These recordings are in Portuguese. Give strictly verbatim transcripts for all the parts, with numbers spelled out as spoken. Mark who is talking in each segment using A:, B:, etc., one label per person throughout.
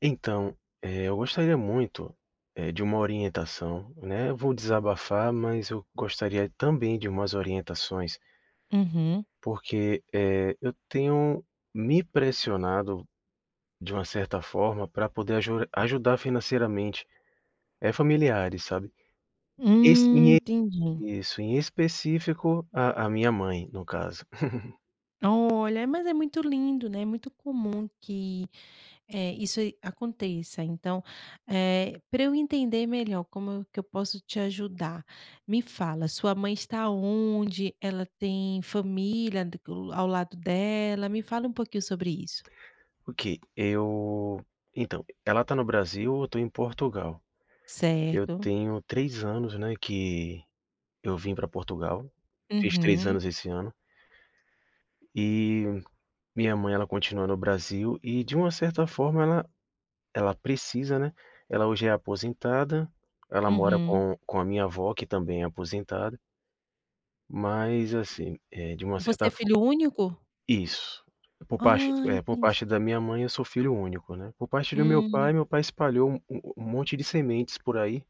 A: Então, eh, eu gostaria muito, eh, de uma orientação, né, eu vou desabafar, mas eu gostaria também de umas orientações
B: Uhum
A: porque, eh, eu tenho me pressionado, de uma certa forma, pra poder aju ajudar financeiramente, eh, familiares, sabe. E
B: Hum,
A: sim
B: entendi.
A: e Isso. Em específico a a minha mãe, no caso.
B: Olha, é, mas é muito lindo, né, muito comum que, eh, isso e aconteça. Então, eh, pra eu entender melhor, como que eu posso te ajudar, me fala, sua mãe está onde? Ela tem família, do que ao lado dela? Me fala um pouquinho sobre isso.
A: Ok, eu então, ela tá no Brasil, eu tô em Portugal. Eu
B: Certo.
A: tenho três anos, né, que eu vim pra Portugal, fiz três
B: Uhum.
A: anos esse ano. E minha mãe, ela continua no Brasil e de uma certa forma ela ela precisa, né. Ela hoje é aposentada, ela mora
B: Uhum.
A: com com a minha avó, que também é aposentada. Mas, assim, eh, de uma
B: Você é
A: certa fo
B: filho único?
A: Isso. Por parte
B: Ah,
A: eh, por
B: entendi.
A: parte da minha mãe, eu sou filho único, né. Por parte do meu
B: Hum.
A: pai, meu pai espalhou u u um monte de sementes por aí,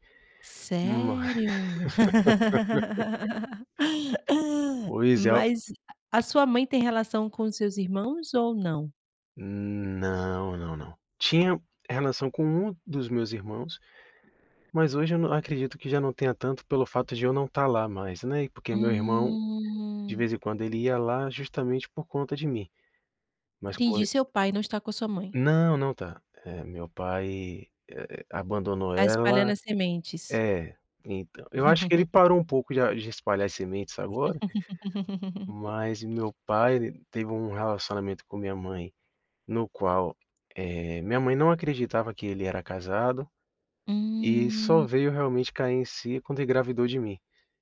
A: ma
B: Sério?
A: Pois é, o
B: Mas a a sua mãe tem relação com os seus irmãos ou não?
A: Não, não, não. Tinha relação com um dos meus irmãos, mas hoje eu não acredito que já não tenha tanto pelo fato de eu não tá lá mais, né, e porque meu irmão de
B: Hum.
A: vez em quando ele ia lá justamente por conta de mim. Mas como
B: Entendi.
A: e
B: Seu pai não está com a sua mãe.
A: Não, não tá. Eh, meu pai, eh eh, abandonou
B: Tá espalhando
A: ela
B: as sementes.
A: É, então. Eu acho que ele parou um pouco de a de espalhar as sementes agora mas e meu pai, ele teve um relacionamento com minha mãe no qual, eh, minha mãe não acreditava que ele era casado e só
B: Hum.
A: veio, realmente, cair em si quando engravidou de mim.